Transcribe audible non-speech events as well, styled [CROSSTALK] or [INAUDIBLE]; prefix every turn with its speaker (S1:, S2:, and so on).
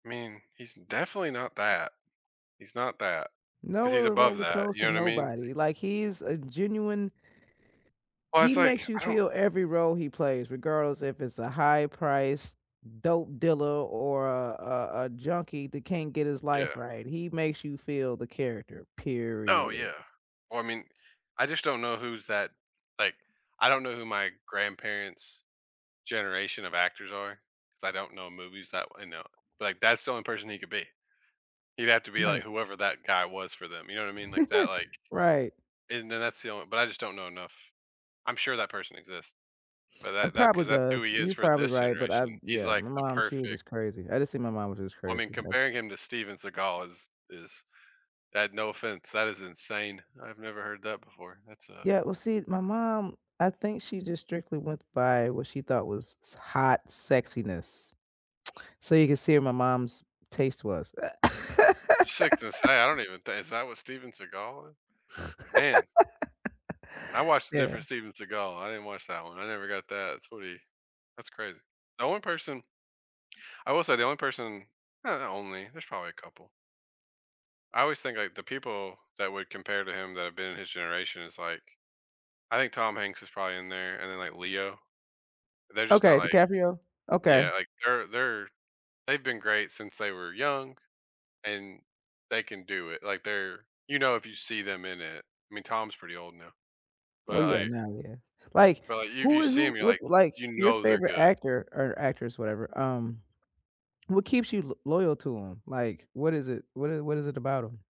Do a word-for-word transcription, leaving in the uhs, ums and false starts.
S1: I mean, he's definitely not that. He's not that
S2: Now
S1: 'cause he's
S2: we're
S1: above
S2: remotely
S1: that.
S2: close
S1: You
S2: to
S1: know what I mean? [UNINTELLIGIBLE]
S2: nobody, like he's a genuine
S1: Well, it's,
S2: He
S1: like,
S2: makes you
S1: I don't
S2: feel every role he plays, regardless if it's a high priced dope dealer, or a a a junkie that can't get his
S1: Yeah.
S2: life right. He makes you feel the character,
S1: Oh, yeah,
S2: period.
S1: well I mean, I just don't know who's that, like, I don't know who my grandparents' generation of actors are, 'cause I don't know movies that, you know, like, that's the only person he could be. You'd have to be like
S2: Right.
S1: whoever that guy was for them, you know, what I mean, like, that like
S2: [LAUGHS] Right.
S1: And then that's the only but I just don't know enough. I'm sure that person exists, but
S2: It
S1: that that
S2: probably
S1: 'cause that's who
S2: does,
S1: he
S2: and
S1: is
S2: you're
S1: for
S2: probably
S1: this
S2: right, but I've
S1: generation, he's,
S2: yeah,
S1: like,
S2: my
S1: the
S2: mom, she was
S1: perfect
S2: just crazy. I just think my mom was just
S1: Well I
S2: crazy.
S1: mean,
S2: That's
S1: comparing him to Steven Seagal is is that no offense, that is insane. I've never heard that before. That's a
S2: Yeah, well, see, my mom, I think she just strictly went by what she thought was hot sexiness. So, you can see where my mom's taste was, uh
S1: [UNINTELLIGIBLE] gonna say, I
S2: [LAUGHS]
S1: don't even think, is that what Steven Seagal is, man. I
S2: [SNORTS]
S1: watched
S2: [LAUGHS]
S1: a
S2: Yeah.
S1: different Steven Seagal, I didn't watch that one. I never got that, it's what he that's crazy. The one person I will say the only person- not only, there's probably a couple. I always think, like, the people that would compare to him that have been in his generation is, like, I think Tom Hanks is probably in there and then like Leo. They're just not,
S2: Okay,
S1: like,
S2: DiCaprio. Okay.
S1: yeah, like, they're they're they've been great since they were young and they can do it. Like they're, you know, if you see them in it. I mean, Tom's pretty old now, but
S2: Oh yeah,
S1: like
S2: now yeah. Like,
S1: but like if
S2: who
S1: you
S2: is
S1: see him,
S2: who
S1: you're
S2: would
S1: like,
S2: like,
S1: you
S2: your
S1: know, they're
S2: favorite
S1: good.
S2: actor or actress, whatever, um, what keeps you l loyal to 'em? Like, what is it what is what is it about 'em?